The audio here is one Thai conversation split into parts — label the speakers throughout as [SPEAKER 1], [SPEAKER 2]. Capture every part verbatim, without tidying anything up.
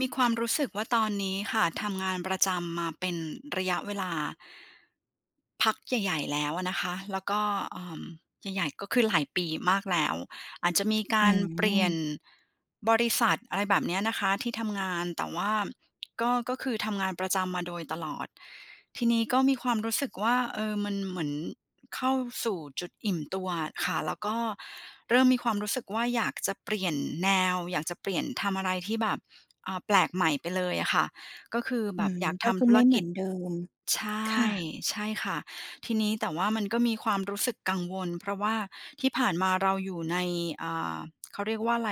[SPEAKER 1] มีความรู้สึกว่า ตอนนี้ค่ะทำงานประจำมาเป็นระยะเวลา พักใหญ่ ๆ แล้วอะนะคะ แล้วก็ เอ่อ ใหญ่ ๆ ก็คือหลายปีมากแล้ว อาจจะมีก
[SPEAKER 2] อื
[SPEAKER 1] ารเปลี่ยน
[SPEAKER 2] ม
[SPEAKER 1] บริษัท อะไรแบบเนี้ยนะคะ ที่ทำงาน แต่ว่า ก็ ก็คือทำงานประจำมาโดยตลอด ทีนี้ก็มีความรู้สึกว่า เออ มันเหมือนเข้าสู่จุดอิ่มตัวค่ะ แล้วก็เริ่มมีความรู้สึกว่าอยากจะเปลี่ยนแนว อยากจะเปลี่ยน ทำอะไรที่แบบ อ่า แปลกใหม่ไปเลยค่ะ ก็คือแ
[SPEAKER 2] อ
[SPEAKER 1] บ
[SPEAKER 2] ื
[SPEAKER 1] บ
[SPEAKER 2] ม
[SPEAKER 1] อยาก
[SPEAKER 2] ก
[SPEAKER 1] ท
[SPEAKER 2] ็คื
[SPEAKER 1] ำธ
[SPEAKER 2] อ
[SPEAKER 1] ุ
[SPEAKER 2] ไ
[SPEAKER 1] ร
[SPEAKER 2] ม่เ
[SPEAKER 1] ก
[SPEAKER 2] หมื
[SPEAKER 1] ิ
[SPEAKER 2] อ
[SPEAKER 1] จ
[SPEAKER 2] นเดิม
[SPEAKER 1] ใช
[SPEAKER 2] ค
[SPEAKER 1] ่
[SPEAKER 2] ่ะ
[SPEAKER 1] ใช่ค่ะ ทีนี้ แต่ว่ามันก็มีความรู้สึกกังวล เพราะว่าที่ผ่านมาเราอยู่ใน อ่า เขาเรียกว่าอะไร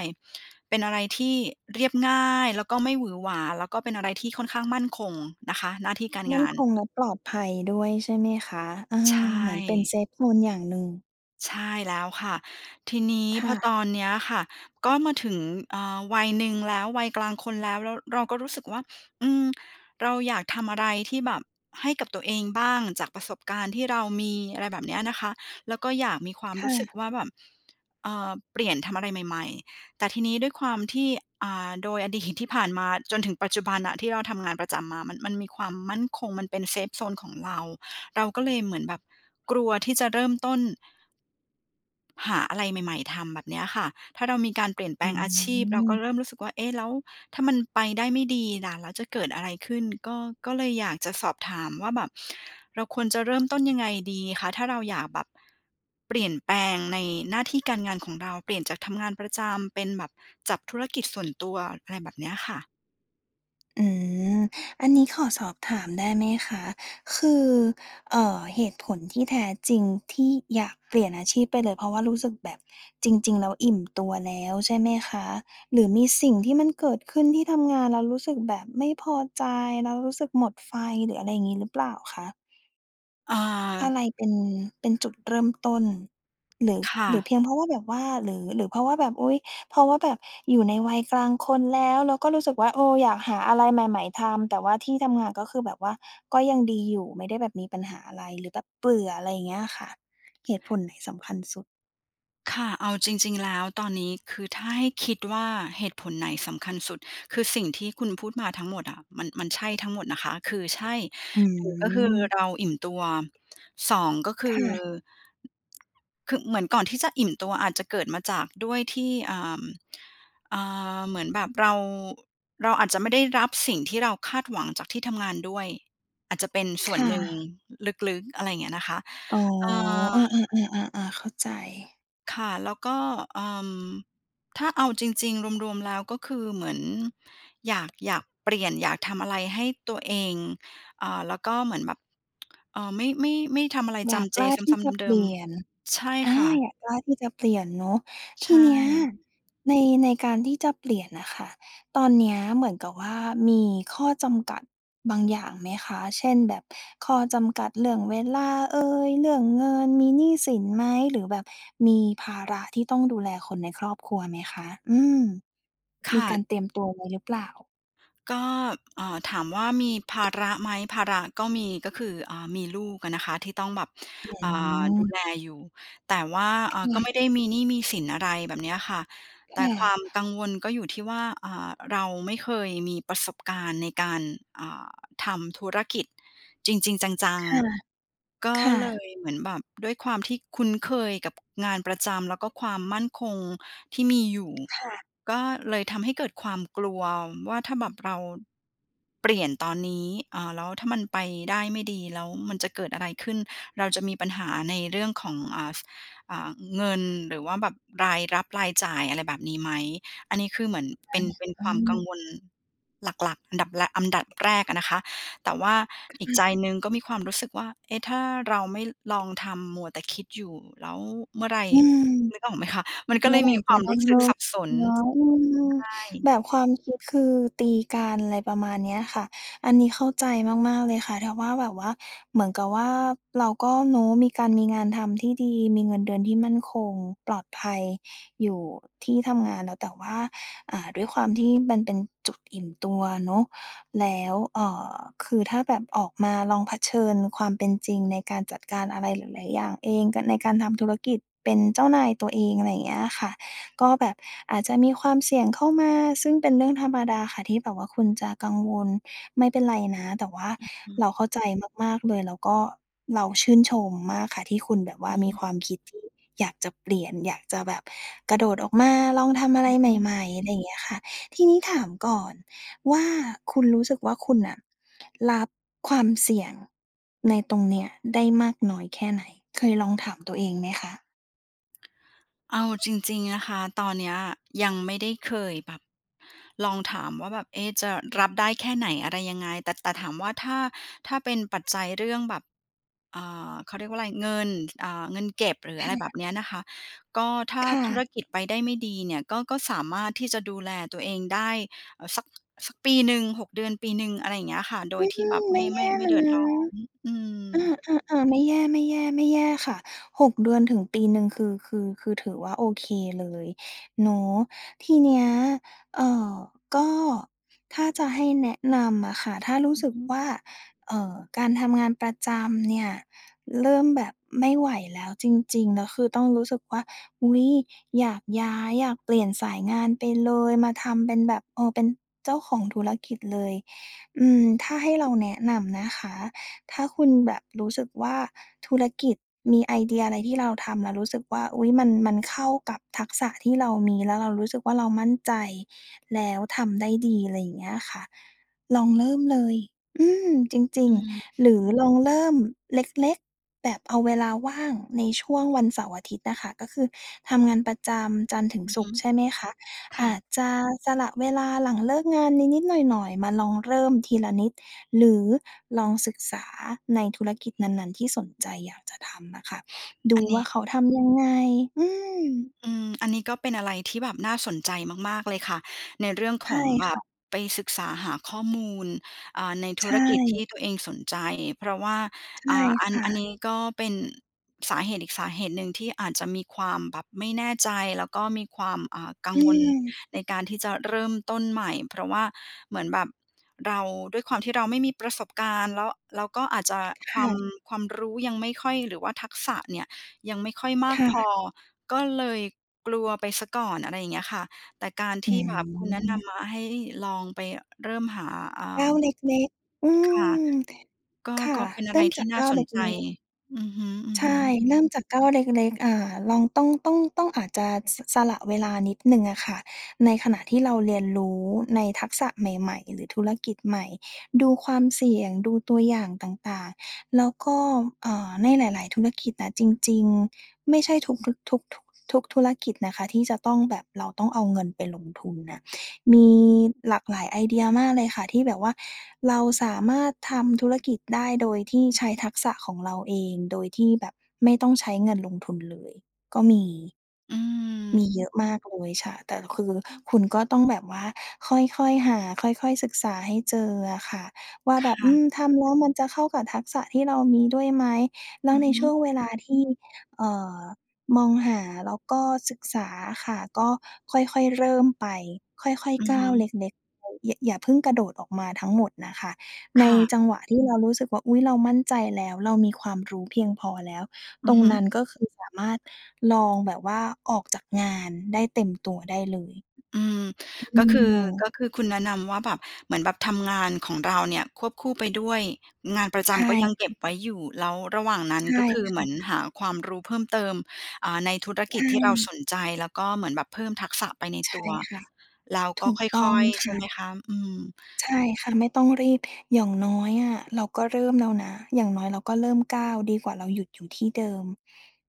[SPEAKER 1] เป็นอะไรที่เรียบง่าย แล้วก็ ไม่หวือหวา แล้วก็เป็นอะไรที่ค่อนข้าง มั่นคงนะคะ หน้าที่การ
[SPEAKER 2] ม
[SPEAKER 1] ง
[SPEAKER 2] ั่น
[SPEAKER 1] าน
[SPEAKER 2] คงและปลอดภัยด้วย ใช่ไหมคะ? เออ
[SPEAKER 1] ใช
[SPEAKER 2] เหมือนเป็น เซ
[SPEAKER 1] ่
[SPEAKER 2] ฟโซน อย่างหนึ่ง
[SPEAKER 1] ใช่แล้วค่ะ ทีนี้
[SPEAKER 2] ค
[SPEAKER 1] พ
[SPEAKER 2] ่
[SPEAKER 1] อ
[SPEAKER 2] ะ
[SPEAKER 1] ตอนเนี้ยค่ะ ก็มาถึง อ่า วัยหนึ่งแล้ว วัยกลางคนแล้ว แล้วเราก็รู้สึกว่า อืม เราอยากทำอะไรที่แบบ ให้กับตัวเองบ้างจากประสบการณ์ที่เรามี อะไรแบบเนี้ยนะคะ แล้วก็อยากมีความ
[SPEAKER 2] ค
[SPEAKER 1] ร
[SPEAKER 2] ่
[SPEAKER 1] ู้สึก
[SPEAKER 2] ะ
[SPEAKER 1] ว่าแบบ เอ่อ เปลี่ยน ทำอะไรใหม่ ๆ แต่ทีนี้ด้วยความที่ อ่า โดยอดีตที่ผ่านมาจนถึงปัจจุบันน่ะที่เราทำงานประจำมา มัน มันมีความมั่นคง มันเป็น เซฟโซน ของเรา เราก็เลยเหมือนแบบกลัวที่จะเริ่มต้น หาอะไรใหม่ ๆ ทำ แบบเนี้ยค่ะ ถ้าเรามีการเปลี่ยนแป
[SPEAKER 2] อ
[SPEAKER 1] ล
[SPEAKER 2] ื
[SPEAKER 1] งอาชีพ เราก็
[SPEAKER 2] ม
[SPEAKER 1] เริ่มรู้สึกว่า "เอ๊ะ แล้วถ้ามันไปได้ไม่ดีล่ะ แล้วจะเกิดอะไรขึ้น?" ก็ ก็เลยอยากจะสอบถามว่าแบบ เราควรจะเริ่ม ต้นยังไงดีคะ? ถ้าเราอยากแบบเปลี่ยนแปลงในหน้าที่การงานของเรา เปลี่ยนจากทำงานประจำเป็นแบบจับธุรกิจ ส่วนตัว อะไรแบบเนี้ยค่ะ
[SPEAKER 2] อืม อันนี้ขอสอบถามได้ไหมคะ คือ เอ่อ เหตุผลที่แท้จริงที่อยากเปลี่ยนอาชีพไปเลย เพราะว่ารู้สึกแบบจริง ๆ แล้วอิ่มตัวแล้ว ใช่ไหมคะ? หรือมีสิ่งที่มันเกิดขึ้นที่ทำงาน แล้วรู้สึกแบบไม่พอใจ แล้วรู้สึกหมดไฟ หรืออะไรอย่างงี้หรือเปล่าคะ?
[SPEAKER 1] อ่า
[SPEAKER 2] อะไรเป็น เป็นจุดเริ่มต้น หรือ
[SPEAKER 1] ค่
[SPEAKER 2] หรือ
[SPEAKER 1] ะ
[SPEAKER 2] เพียงเพราะว่าแบบว่า หรือ หรือเพราะว่าแบบ อุ๊ย! เพราะว่าแบบอยู่ในวัยกลางคนแล้ว แล้วก็รู้สึกว่า เออ อยากหาอะไรใหม่ ๆ ทำ แต่ว่าที่ทำงานก็คือแบบว่าก็ยังดีอยู่ ไม่ได้แบบมีปัญหาอะไร หรือแบบเบื่อ อะไรอย่างเงี้ยอะค่ะ เหตุผลไหนสำคัญสุด?
[SPEAKER 1] ค่ะ เอาจริง ๆ แล้วตอนนี้ คือถ้าให้คิดว่าเหตุผลไหนสำคัญสุด คือสิ่งที่คุณพูดมาทั้งหมดอะ มัน มันใช่ทั้งหมดนะคะ คือ ใช่
[SPEAKER 2] อื
[SPEAKER 1] หนึ่ง ก็คือ
[SPEAKER 2] ม
[SPEAKER 1] เราอิ่มตัว สอง ก็ค
[SPEAKER 2] ค
[SPEAKER 1] ือ
[SPEAKER 2] ่ะ
[SPEAKER 1] คือ เหมือนก่อนที่จะอิ่มตัว อาจจะเกิดมาจากด้วยที่ อ่า อ่า เหมือนแบบเรา เราอาจจะไม่ได้รับสิ่งที่เราคาดหวังจากที่ทำงานด้วย อาจจะเป็นส
[SPEAKER 2] ค
[SPEAKER 1] ่วน
[SPEAKER 2] ่
[SPEAKER 1] หนึ่ง
[SPEAKER 2] ะ
[SPEAKER 1] ลึก ๆ อะไรเงี้ยนะคะ
[SPEAKER 2] อ๋อ
[SPEAKER 1] เอ่อ
[SPEAKER 2] อา ๆ ๆ ๆ ๆ เข้าใจ
[SPEAKER 1] ค่ะ แล้วก็ เอ่อ ถ้าเอาจริง ๆ รวม ๆ แล้วก็คือเหมือนอยาก อยากเปลี่ยน อยากทำอะไรให้ตัวเอง อ่า แล้วก็เหมือนแบบ เอ่อ ไม่ ไม่ ไม่ทำอะไร
[SPEAKER 2] อ
[SPEAKER 1] จ
[SPEAKER 2] ยาก
[SPEAKER 1] ำเจ
[SPEAKER 2] กล้า
[SPEAKER 1] ซ
[SPEAKER 2] ที่
[SPEAKER 1] ้ำ
[SPEAKER 2] จะ
[SPEAKER 1] ๆ เ
[SPEAKER 2] เ
[SPEAKER 1] ด
[SPEAKER 2] ป
[SPEAKER 1] ิ
[SPEAKER 2] ล
[SPEAKER 1] ม
[SPEAKER 2] ี่ยน
[SPEAKER 1] ๆ ใช่
[SPEAKER 2] อ
[SPEAKER 1] ค
[SPEAKER 2] า
[SPEAKER 1] ่ะ
[SPEAKER 2] อยากกล้าที่จะเปลี่ยนเนาะ
[SPEAKER 1] ใ
[SPEAKER 2] ท
[SPEAKER 1] ช
[SPEAKER 2] ีเนี้ย
[SPEAKER 1] ่
[SPEAKER 2] ใน ในการที่จะเปลี่ยนน่ะค่ะ ตอนเนี้ยเหมือนกับว่ามีข้อจำกัดบางอย่างไหมคะ เช่น แบบข้อจำกัดเรื่องเวลาเอย เรื่องเงิน มีหนี้สินไหม หรือแบบมีภาระที่ต้องดูแลคนในครอบครัวไหมคะ? อืม
[SPEAKER 1] ค
[SPEAKER 2] มี
[SPEAKER 1] ่
[SPEAKER 2] ก
[SPEAKER 1] ะ
[SPEAKER 2] ารเตรียม ตัวไว้หรือเปล่า?
[SPEAKER 1] ก็ เอ่อ ถามว่ามี ภาระไหม ภาระก็มี ก็คือ อ่า มีลูกอะนะคะที่ต้องแบบ
[SPEAKER 2] อื
[SPEAKER 1] อ่า ดูแ
[SPEAKER 2] ม
[SPEAKER 1] ลอยู่ แต่ว่า
[SPEAKER 2] ค
[SPEAKER 1] อ่า ก
[SPEAKER 2] ่
[SPEAKER 1] ็
[SPEAKER 2] ะ
[SPEAKER 1] ไม่ได้มีหนี้มีสินอะไร แบบเนี้ยอะค่ะ
[SPEAKER 2] ค
[SPEAKER 1] แต่
[SPEAKER 2] ่
[SPEAKER 1] ควา
[SPEAKER 2] ะ
[SPEAKER 1] มกังวลก็อยู่ที่ว่า อ่า เราไม่เคยมีประสบการณ์ในการ อ่า ทำธุรกิจจริง ๆ จัง
[SPEAKER 2] ค่ะ
[SPEAKER 1] ๆ ก็
[SPEAKER 2] ค่
[SPEAKER 1] เล
[SPEAKER 2] ะ
[SPEAKER 1] ยเหมือนแบบ ด้วยความที่คุ้นเคยกับงานประจำแล้วก็ความมั่นคงที่มีอยู่
[SPEAKER 2] ค่ะ
[SPEAKER 1] ก็เลยทำให้เกิดความกลัวว่า ถ้าแบบเรา เปลี่ยนตอนนี้ อ่า แล้วถ้ามันไปได้ไม่ดีแล้วมันจะเกิดอะไรขึ้น เราจะมีปัญหาในเรื่องของ อ่า ส อ่า เงินหรือว่าแบบรายรับรายจ่ายอะไรแบบนี้ไหม อันนี้คือเหมือนเป็น เป็น
[SPEAKER 2] อา อ
[SPEAKER 1] ค
[SPEAKER 2] ื
[SPEAKER 1] วามกัง
[SPEAKER 2] ม
[SPEAKER 1] วลหลัก ๆ อันดับ ล อันดับแรกอะนะคะ แต่ว่า
[SPEAKER 2] ค
[SPEAKER 1] อีก
[SPEAKER 2] ่
[SPEAKER 1] ใจ
[SPEAKER 2] ะ
[SPEAKER 1] หนึ่งก็มีความรู้สึกว่า "เอ๊ะ ถ้าเราไม่ลองทำ มัวแต่คิดอยู่ แล้วเมื่อไร"
[SPEAKER 2] อืม
[SPEAKER 1] นึกออกไหมคะ? มันก
[SPEAKER 2] เ
[SPEAKER 1] ็
[SPEAKER 2] มื
[SPEAKER 1] เ
[SPEAKER 2] ่
[SPEAKER 1] ล
[SPEAKER 2] อ
[SPEAKER 1] ย
[SPEAKER 2] ไร
[SPEAKER 1] มีค
[SPEAKER 2] จ
[SPEAKER 1] วา
[SPEAKER 2] ะ
[SPEAKER 1] ม
[SPEAKER 2] ได
[SPEAKER 1] ร
[SPEAKER 2] ้
[SPEAKER 1] ู้ส
[SPEAKER 2] เร
[SPEAKER 1] ึก
[SPEAKER 2] ิ่
[SPEAKER 1] ส
[SPEAKER 2] ม
[SPEAKER 1] ับสน
[SPEAKER 2] เนาะ
[SPEAKER 1] ใช
[SPEAKER 2] อือ
[SPEAKER 1] ่
[SPEAKER 2] แบบความคิดคือตีกัน อะไรประมาณเนี้ยค่ะ อันนี้เข้าใจมาก ๆ เลยค่ะ ถ้าว่าแบบว่า เหมือนกับว่า เราก็เนาะ มีการมีงานทำที่ดี มีเงินเดือนที่มั่นคง ปลอดภัยอยู่ที่ทำงานแล้ว แต่ว่า อา ด้วยความที่มันเป็นจุดอิ่มตัวเนาะ แล้ว เอ่อ คือถ้าแบบออกมาลองเผชิญความเป็นจริงในการจัดการอะไรหลาย ๆ อย่างเอง กัน ในการทำธุรกิจ เป็นเจ้านายตัวเอง อะไรอย่างเงี้ยอะค่ะ ก็แบบอาจจะมี ความเสี่ยงเข้ามา ซึ่งเป็นเรื่องธรรมดาค่ะที่แบบว่าคุณจะกังวล ไม่เป็นไรนะ แต่ว่า
[SPEAKER 1] อือฮ
[SPEAKER 2] เ
[SPEAKER 1] ึ
[SPEAKER 2] ราเข้าใจ มาก ๆ เลย แล้วก็เราชื่นชมมากค่ะ ที่คุณแบบว
[SPEAKER 1] อ
[SPEAKER 2] ่
[SPEAKER 1] ื
[SPEAKER 2] า
[SPEAKER 1] อ
[SPEAKER 2] มีค
[SPEAKER 1] ฮึ
[SPEAKER 2] วามคิดที่อยากจะเปลี่ยน อยากจะแบบกระโดดออกมา ลองทำอะ
[SPEAKER 1] อ
[SPEAKER 2] ไร
[SPEAKER 1] ือฮ
[SPEAKER 2] ใ
[SPEAKER 1] ึ
[SPEAKER 2] หม่ ๆ อะไรอย่างเงี้ยค่ะ ทีนี้ถามก่อนว่า คุณรู้สึกว่าคุณอะรับความเสี่ยงในตรงนี้ได้มากน้อยแค่ไหน? เคยลองถามตัวเองไหมคะ?
[SPEAKER 1] เอาจริง ๆ นะคะ ตอนเนี้ยยังไม่ได้เคยแบบลองถามว่า "แบบ เอ๊ะ จะรับได้แค่ไหน? อะไรยังไง?" แต่ แต่ถามว่า ถ้า ถ้าเป็นปัจจัยเรื่องแบบ อ่า เขาเรียกว่าอะไร เงิน ท อ่า เงินเก็บ หรือ
[SPEAKER 2] ค
[SPEAKER 1] อะ
[SPEAKER 2] ่
[SPEAKER 1] ไรแบบ
[SPEAKER 2] ะ
[SPEAKER 1] เนี้ยนะคะ ก็ถ้า
[SPEAKER 2] ค่
[SPEAKER 1] ธุร
[SPEAKER 2] ะ
[SPEAKER 1] กิจไปได้ไม่ดีเนี่ย ก็ ก็สามารถที่จะดูแลตัวเองได้ เอ่อ สัก สักปีหนึ่ง หก เดือน ปีหนึ่ง อะไรอย่างเงี้ยค่ะ โด
[SPEAKER 2] อ
[SPEAKER 1] ย
[SPEAKER 2] ื
[SPEAKER 1] ที่แบ
[SPEAKER 2] ม
[SPEAKER 1] บ
[SPEAKER 2] ไ
[SPEAKER 1] ไ
[SPEAKER 2] ม
[SPEAKER 1] ม
[SPEAKER 2] ่
[SPEAKER 1] ่
[SPEAKER 2] แ
[SPEAKER 1] ไ
[SPEAKER 2] ย
[SPEAKER 1] ม่
[SPEAKER 2] ่
[SPEAKER 1] ไม่เดือ
[SPEAKER 2] น
[SPEAKER 1] ด
[SPEAKER 2] ะ
[SPEAKER 1] ร้อม อืม
[SPEAKER 2] อา ๆ ๆ ไม่แย่ ๆ ไม่แย่ค่ะ หก เดือนถึงปีหนึ่งคือ คือ คือถือว่าโอเคเลยเนาะ ทีเนี้ย เอ่อ ก็ถ้าจะให้แนะนำอะค่ะ ถ้ารู้
[SPEAKER 1] อื
[SPEAKER 2] ส
[SPEAKER 1] อ
[SPEAKER 2] ึ
[SPEAKER 1] ฮ
[SPEAKER 2] ก
[SPEAKER 1] ึ
[SPEAKER 2] ว่า เอ่อ การทำงานประจำเนี่ย เริ่มแบบไม่ไหวแล้วจริง ๆ แล้วคือต้องรู้สึกว่า "อุ๊ย อยากย้าย อยากเปลี่ยนสายงานไปเลย มาทำเป็นแบบ เออ เป็นเจ้าของธุรกิจเลย" อืม ถ้าให้เราแนะนำนะคะ ถ้าคุณแบบรู้สึกว่า ธุรกิจมีไอเดียอะไรที่เราทำ แล้วรู้สึกว่า "อุ๊ย มัน มันเข้ากับทักษะที่เรามี" แล้วเรารู้สึกว่า เรามั่นใจ แล้วทำได้ดี อะไรอย่างเงี้ยค่ะ ลองเริ่มเลย อืม จริ
[SPEAKER 1] อ
[SPEAKER 2] ง
[SPEAKER 1] ืม
[SPEAKER 2] ๆ หรือ ลองเริ่มเล็ก ๆ แบบเอาเวลาว่างในช่วงวันเสาร์-อาทิตย์น่ะค่ะ ก็คือทำงานประจำจันทร์ถึ
[SPEAKER 1] อ
[SPEAKER 2] ง
[SPEAKER 1] ือ
[SPEAKER 2] ศ
[SPEAKER 1] ฮ
[SPEAKER 2] ุ
[SPEAKER 1] ึ
[SPEAKER 2] กร์ใช่ไหมคะ
[SPEAKER 1] ค
[SPEAKER 2] อ
[SPEAKER 1] ่
[SPEAKER 2] า
[SPEAKER 1] ะ
[SPEAKER 2] จจะสละเวลาหลังเลิกงานนิด ๆ หน่อย ๆ มาลองเริ่มทีละนิด หรือลองศึกษาในธุรกิจนั้น ๆ ที่สนใจอยากจะทำน่ะค่ะ ด
[SPEAKER 1] อ
[SPEAKER 2] ู
[SPEAKER 1] ันน
[SPEAKER 2] ว
[SPEAKER 1] ี
[SPEAKER 2] ่า
[SPEAKER 1] ้
[SPEAKER 2] เขาทำ ยังไง อืม
[SPEAKER 1] อืม อันนี้ก็เป็นอะไรที่แบบน่าสนใจมาก ๆ เลยค่ะ ในเรื่อง
[SPEAKER 2] ใช
[SPEAKER 1] ข
[SPEAKER 2] ่
[SPEAKER 1] องแบ
[SPEAKER 2] ค
[SPEAKER 1] บ
[SPEAKER 2] ่ะ
[SPEAKER 1] ไปศึกษาหาข้อมูล อ่า ใน
[SPEAKER 2] ใ
[SPEAKER 1] ธ
[SPEAKER 2] ช
[SPEAKER 1] ุรกิจที่
[SPEAKER 2] ่
[SPEAKER 1] ตัวเองสนใจ เพราะว่า
[SPEAKER 2] ใช
[SPEAKER 1] อ่
[SPEAKER 2] ่
[SPEAKER 1] า อัน
[SPEAKER 2] ค่
[SPEAKER 1] อัน
[SPEAKER 2] ะ
[SPEAKER 1] นี้ก็เป็นสาเหตุอีกสาเหตุหนึ่งที่อาจจะมีความแบบไม่แน่ใจ แล้วก็มีความ อ่า กั
[SPEAKER 2] อ
[SPEAKER 1] ง
[SPEAKER 2] ื
[SPEAKER 1] วล
[SPEAKER 2] ม
[SPEAKER 1] ในการที่จะเริ่มต้นใหม่ เพราะว่า เหมือนแบบเรา ด้วยความที่เราไม่มีประสบการณ์ แล้ว แล้วก็อาจจะ
[SPEAKER 2] ค
[SPEAKER 1] ควา
[SPEAKER 2] ่
[SPEAKER 1] ม
[SPEAKER 2] ะ
[SPEAKER 1] ความรู้ยังไม่ค่อย หรือว่าทักษะเนี่ยยังไม่ค่อยมา
[SPEAKER 2] ค
[SPEAKER 1] ก
[SPEAKER 2] ่
[SPEAKER 1] พอ
[SPEAKER 2] ะ
[SPEAKER 1] ก็เลยกลัวไปเสียก่อน อะไรอย่างเงี้ยค่ะ แต่การท
[SPEAKER 2] อื
[SPEAKER 1] ี่ แบบคุณแนะน
[SPEAKER 2] ม
[SPEAKER 1] ำมาให้ลองไปเริ่มหา อ่
[SPEAKER 2] ก้า
[SPEAKER 1] า
[SPEAKER 2] วเล็ก ๆ อื
[SPEAKER 1] ค่ะ
[SPEAKER 2] ม
[SPEAKER 1] ก็
[SPEAKER 2] ค่
[SPEAKER 1] ก
[SPEAKER 2] ะ
[SPEAKER 1] ็เป็นอ
[SPEAKER 2] เ
[SPEAKER 1] ะ
[SPEAKER 2] ร
[SPEAKER 1] ไร
[SPEAKER 2] ิ่ม
[SPEAKER 1] ท
[SPEAKER 2] จ
[SPEAKER 1] ี
[SPEAKER 2] า
[SPEAKER 1] ่
[SPEAKER 2] ก
[SPEAKER 1] น่
[SPEAKER 2] ก
[SPEAKER 1] า
[SPEAKER 2] ้าว
[SPEAKER 1] ส
[SPEAKER 2] เ
[SPEAKER 1] น
[SPEAKER 2] ล
[SPEAKER 1] ใจ
[SPEAKER 2] ็ก ๆ
[SPEAKER 1] อือฮึ
[SPEAKER 2] ใช่
[SPEAKER 1] ๆ
[SPEAKER 2] เริ่มจากก้าวเล็ก ๆ อ่า ลอง ต้อง ต้อง ต้อง อาจจะ ส สละเวลานิดหนึ่งอะค่ะ ในขณะที่เราเรียนรู้ในทักษะใหม่ ๆ หรือธุรกิจใหม่ ดูความเสี่ยง ดูตัวอย่างต่าง ๆ แล้วก็ เอ่อ ในหลาย ๆ ธุรกิจน่ะ จริง ๆ ไม่ใช่ทุก ทุก ทุก ท ทุกธุรกิจนะคะที่จะต้องแบบเราต้องเอาเงินไปลงทุนน่ะ มีหลากหลายไอเดียมากเลยค่ะ ที่แบบว่าเราสามารถทำธุรกิจได้โดยที่ใช้ทักษะของเราเอง โดยที่แบบไม่ต้องใช้เงินลงทุนเลยก็มี
[SPEAKER 1] อื
[SPEAKER 2] ม
[SPEAKER 1] ม
[SPEAKER 2] ีเยอะมากเลย ใช่ แต่คือคุณก็ต้องแบบว่าค่อย ๆ หา ค่อย ๆ ศึกษาให้เจออะค่ะ ว่า
[SPEAKER 1] ค
[SPEAKER 2] แบบ
[SPEAKER 1] ่
[SPEAKER 2] อื
[SPEAKER 1] ะ
[SPEAKER 2] ม ทำแล้วมันจะเข้ากับทักษะที่เรามีด้วยไหม แล้
[SPEAKER 1] อ
[SPEAKER 2] ว
[SPEAKER 1] ือ
[SPEAKER 2] ใน
[SPEAKER 1] ฮ
[SPEAKER 2] ช่ว
[SPEAKER 1] ึ
[SPEAKER 2] ง เวลาที่ เอ่อ มองหาแล้วก็ศึกษาอะค่ะ ก็ค่อย ๆ เริ่มไป ค่อย
[SPEAKER 1] อือ
[SPEAKER 2] ๆ ก้
[SPEAKER 1] ฮ
[SPEAKER 2] าวเ
[SPEAKER 1] ึ
[SPEAKER 2] ล็ก ๆ ไป อย่า อย่าเพิ่งกระโดดออกมาทั้งหมดน่ะค่ะ ใ
[SPEAKER 1] ค
[SPEAKER 2] น
[SPEAKER 1] ่ะ
[SPEAKER 2] จังหวะที่ เรารู้สึกว่า อุ๊ย "เรามั่นใจแล้ว เรามีความรู้เพียงพอแล้ว"
[SPEAKER 1] อ
[SPEAKER 2] ต
[SPEAKER 1] ื
[SPEAKER 2] ร
[SPEAKER 1] อ
[SPEAKER 2] ง
[SPEAKER 1] ฮึ
[SPEAKER 2] นั้น ก็คือสามารถลองแบบว่าออกจากงานได้เต็มตัวได้เลย
[SPEAKER 1] อืม
[SPEAKER 2] อื
[SPEAKER 1] ก็คือ ก
[SPEAKER 2] ม
[SPEAKER 1] ็คือคุณแนะนำว่า แบบ เหมือนแบบทำงานของเราเนี่ยควบคู่ไปด้วย งานประจ
[SPEAKER 2] ใช
[SPEAKER 1] ำก็ยังเก็บ
[SPEAKER 2] ่
[SPEAKER 1] ไว้อยู่ แล้วระหว่างนั้
[SPEAKER 2] ใ
[SPEAKER 1] น
[SPEAKER 2] ช่
[SPEAKER 1] ก็คือ
[SPEAKER 2] ค
[SPEAKER 1] เ
[SPEAKER 2] ่
[SPEAKER 1] หมื
[SPEAKER 2] ะ
[SPEAKER 1] อนหาความรู้เพิ่มเติม อ่า ในธุร
[SPEAKER 2] ใ
[SPEAKER 1] ก
[SPEAKER 2] ช
[SPEAKER 1] ิจ ที่เราส
[SPEAKER 2] ่
[SPEAKER 1] นใจ แล้วก็เหมือนแบบเพิ่มทักษะไปใน
[SPEAKER 2] ใช
[SPEAKER 1] ต
[SPEAKER 2] ่
[SPEAKER 1] ัว
[SPEAKER 2] ค่ะ
[SPEAKER 1] แล้ว
[SPEAKER 2] ถ
[SPEAKER 1] ก็
[SPEAKER 2] ูกต
[SPEAKER 1] ค
[SPEAKER 2] ้อ
[SPEAKER 1] ่
[SPEAKER 2] ง
[SPEAKER 1] อย ๆ
[SPEAKER 2] ค
[SPEAKER 1] ใช
[SPEAKER 2] ่
[SPEAKER 1] ่ไหม
[SPEAKER 2] ะ
[SPEAKER 1] คะ? อืม
[SPEAKER 2] ใช่ค่ะ ไม่ต้องรีบ อย่างน้อยอะเราก็เริ่มแล้วนะ อย่างน้อยเราก็เริ่มก้าว ดีกว่าเราหยุดอยู่ที่เดิม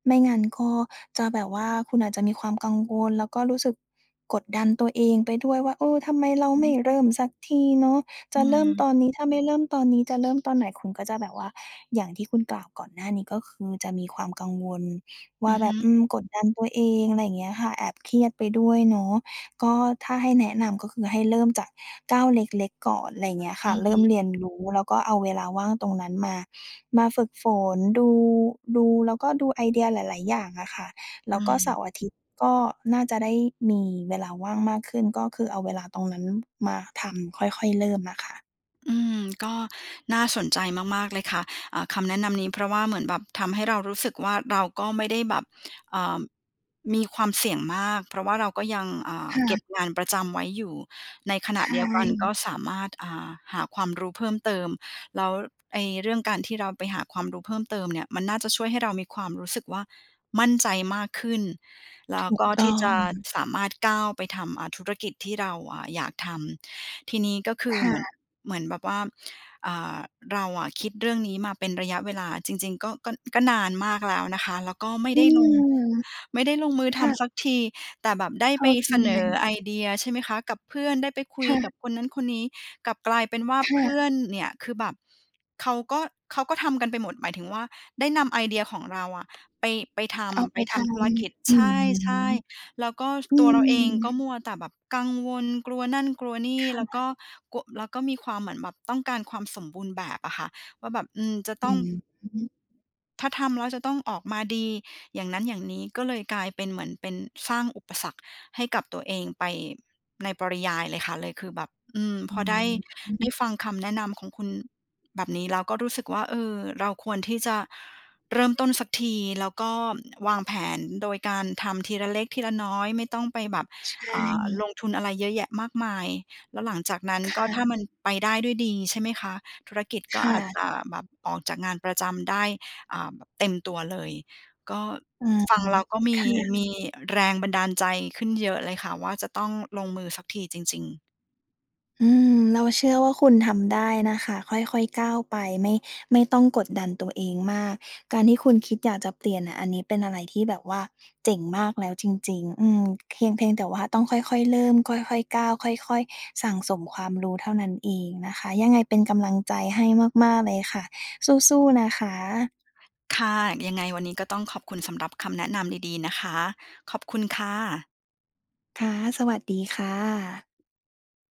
[SPEAKER 2] ไม่งั้นก็จะแบบว่า คุณอาจจะมีความกังวล แล้วก็รู้สึกกดดันตัวเองไปด้วยว่า "เออ ทำไมเรา
[SPEAKER 1] อื
[SPEAKER 2] ไม่
[SPEAKER 1] ม
[SPEAKER 2] เริ่มสักทีเนาะ? จ
[SPEAKER 1] อื
[SPEAKER 2] ะเริ่มต
[SPEAKER 1] ม
[SPEAKER 2] อนนี้ ถ้าไม่เริ่มตอนนี้ จะเริ่มตอนไหน?" คุณก็จะแบบว่า อย่างที่คุณกล่าวก่อนหน้านี้ ก็คือจะมีความกังวลว
[SPEAKER 1] อ
[SPEAKER 2] ่
[SPEAKER 1] ื
[SPEAKER 2] า
[SPEAKER 1] อ
[SPEAKER 2] แ
[SPEAKER 1] ฮ
[SPEAKER 2] บ
[SPEAKER 1] ึ
[SPEAKER 2] บ อืม กดดันตัวเอง อะไรอย่างเงี้ยค่ะ แอบเครียดไปด้วยเนาะ ก็ถ้าให้แนะนำก็คือให้เริ่มจากก้าวเล็ก ๆ ก่อน ไรเงี้ยค
[SPEAKER 1] อ
[SPEAKER 2] ่
[SPEAKER 1] ื
[SPEAKER 2] ะ
[SPEAKER 1] อ
[SPEAKER 2] เร
[SPEAKER 1] ฮ
[SPEAKER 2] ิ่ม
[SPEAKER 1] ึ
[SPEAKER 2] เรียนรู้ แล้วก็เอาเวลาว่างตรงนั้นมา มาฝึกฝน ดู ดู แล้วก็ดูไอเดียหลาย ๆ อย่างอะค่ะ แ
[SPEAKER 1] อ
[SPEAKER 2] ล
[SPEAKER 1] ื
[SPEAKER 2] ้วก็เส
[SPEAKER 1] ม
[SPEAKER 2] าร์-อาทิตย์ก็น่าจะได้มีเวลาว่างมากขึ้น ก็คือเอาเวลาตรงนั้นมาทำ ค่อย ๆ เริ่มอะค่ะ
[SPEAKER 1] อืม ก็น่าสนใจมาก ๆ เลยค่ะ อ่า คำแนะนำนี้ เพราะว่าเหมือนแบบทำให้เรารู้สึกว่า เราก็ไม่ได้แบบ อ่า มีความเสี่ยงมาก เพราะว่าเราก็ยัง อ่า
[SPEAKER 2] ค่
[SPEAKER 1] เก
[SPEAKER 2] ะ
[SPEAKER 1] ็บงานประจำไว้อยู่ ในขณ
[SPEAKER 2] ใช
[SPEAKER 1] ะเดียวกันก็
[SPEAKER 2] ่
[SPEAKER 1] สามารถ อ่า หาความรู้เพิ่มเติม แล้ว ไอ้เรื่องการที่เราไปหาความรู้เพิ่มเติมเนี่ย มันน่าจะช่วยให้เรามีความรู้สึกว่า มั่นใจมากขึ้น แล้
[SPEAKER 2] ถ
[SPEAKER 1] ว
[SPEAKER 2] ู
[SPEAKER 1] ก
[SPEAKER 2] ก
[SPEAKER 1] ็
[SPEAKER 2] ต
[SPEAKER 1] ที
[SPEAKER 2] ้
[SPEAKER 1] ่
[SPEAKER 2] อ
[SPEAKER 1] จะ
[SPEAKER 2] ง
[SPEAKER 1] สามารถก้าวไปทำ อ่า ธุรกิจที่เรา อ่า อยากทำ ทีนี้ก็คื
[SPEAKER 2] ค
[SPEAKER 1] อ
[SPEAKER 2] ่
[SPEAKER 1] เหมือน
[SPEAKER 2] ะ
[SPEAKER 1] เหมือนแบบว่า อ่า เราอะคิดเรื่องนี้มาเป็นระยะเวลา จริง ๆ ก็ ก็ ก็นานมากแล้วนะคะ แล้วก็ไม่
[SPEAKER 2] อื
[SPEAKER 1] ได้ลง
[SPEAKER 2] ม
[SPEAKER 1] ไม่ได้ลงมือ
[SPEAKER 2] ค
[SPEAKER 1] ท
[SPEAKER 2] ่
[SPEAKER 1] ำสั
[SPEAKER 2] ะ
[SPEAKER 1] กที แต่แบบได้
[SPEAKER 2] เข
[SPEAKER 1] ไป
[SPEAKER 2] ้าใจ
[SPEAKER 1] เสนอไอเดีย ใช่ไหมคะ กับเพื่อนได้ไปคุ
[SPEAKER 2] ค
[SPEAKER 1] ย
[SPEAKER 2] ่
[SPEAKER 1] ก
[SPEAKER 2] ะ
[SPEAKER 1] ับ คนนั้นคนนี้กลับกลายเป็นว่า
[SPEAKER 2] ค่
[SPEAKER 1] เพื
[SPEAKER 2] ะ
[SPEAKER 1] ่อนเนี่ย คือแบบ เขาก็ เขาก็ทำกันไปหมด หมายถึงว่า ได้นำไอเดียของเราอะ ไป ไปท
[SPEAKER 2] เอา
[SPEAKER 1] ำ
[SPEAKER 2] ไ
[SPEAKER 1] ไ
[SPEAKER 2] ป
[SPEAKER 1] ปท
[SPEAKER 2] ทา
[SPEAKER 1] ำธุ
[SPEAKER 2] น
[SPEAKER 1] รกิจ
[SPEAKER 2] อ
[SPEAKER 1] ใ
[SPEAKER 2] ืม
[SPEAKER 1] ช่ ๆ แล้วก็
[SPEAKER 2] อื
[SPEAKER 1] ตัวเราเอง
[SPEAKER 2] ม
[SPEAKER 1] ก็มัวแต่แบบกังวล กลัวนั่นกลัวนี่
[SPEAKER 2] ค่
[SPEAKER 1] แล้วก
[SPEAKER 2] ะ
[SPEAKER 1] ็กลัว แล้วก็มีความเหมือนแบบต้องการความสมบูรณ์แบบอะค่ะ ว่าแบบ อืม จะต
[SPEAKER 2] อ
[SPEAKER 1] ้
[SPEAKER 2] ื
[SPEAKER 1] อง
[SPEAKER 2] ม
[SPEAKER 1] ถ้าทำแล้วจะต้องออกมาดี อย่างนั้นอย่างนี้ ก็เลยกลายเป็น เหมือนเป็นสร้างอุปสรรคให้กับตัวเองไปในปริยายเลยค่ะ เลยคือแบบ อืม
[SPEAKER 2] อ
[SPEAKER 1] พ
[SPEAKER 2] ื
[SPEAKER 1] อได้ ได้
[SPEAKER 2] ม
[SPEAKER 1] ฟังคำแนะนำของคุณ แบบนี้ แล้วก็รู้สึกว่า เออ เราควรที่จะเริ่มต้นสักที แล้วก็วางแผนโดยการทำทีละเล็กทีละน้อย ไม่ต้องไปแบบ
[SPEAKER 2] ใช
[SPEAKER 1] อ่า
[SPEAKER 2] ่
[SPEAKER 1] ลงทุนอะไรเยอะแยะมากมาย แล้วหลังจากนั้น
[SPEAKER 2] ค
[SPEAKER 1] ก็
[SPEAKER 2] ่
[SPEAKER 1] ถ้ามัน
[SPEAKER 2] ะ
[SPEAKER 1] ไปได้ด้วยดี ใช่ไหมคะ ธุรกิจก
[SPEAKER 2] ค
[SPEAKER 1] ็
[SPEAKER 2] ่
[SPEAKER 1] อาจ
[SPEAKER 2] ะ
[SPEAKER 1] จะแบบ ออกจากงานประจำได้ อ่า แบบเต็มตัวเลย ก็
[SPEAKER 2] อืม
[SPEAKER 1] ฟังแล้วก็ม
[SPEAKER 2] ค
[SPEAKER 1] ี
[SPEAKER 2] ่
[SPEAKER 1] ม
[SPEAKER 2] ะ
[SPEAKER 1] ีแรงบันดาลใจขึ้นเยอะเลยค่ะว่า จะต้องลงมือสักทีจริง ๆ
[SPEAKER 2] อืม เราเชื่อว่า คุณทำได้นะคะ ค่อย ๆ ก้าวไป ไม่ ไม่ต้องกดดันตัวเองมาก การที่คุณคิดอยากจะเปลี่ยนอะ อันนี้เป็นอะไรที่แบบว่าเจ๋งมากแล้วจริง ๆ อืม เพียง เพียงแต่ว่าต้องค่อย ๆ เริ่ม ค่อย ๆ ก้าว ค่อย ๆ สั่งสมความรู้เท่านั้นเองนะคะ ยังไงเป็นกำลังใจให้มาก ๆ เลยค่ะ สู้ ๆ นะคะ
[SPEAKER 1] ค่ะ ยังไงวันนี้ก็ต้องขอบคุณสำหรับคำแนะนำดี ๆ นะคะ ขอบคุณค่ะ
[SPEAKER 2] ค่ะ สวัสดีค่ะ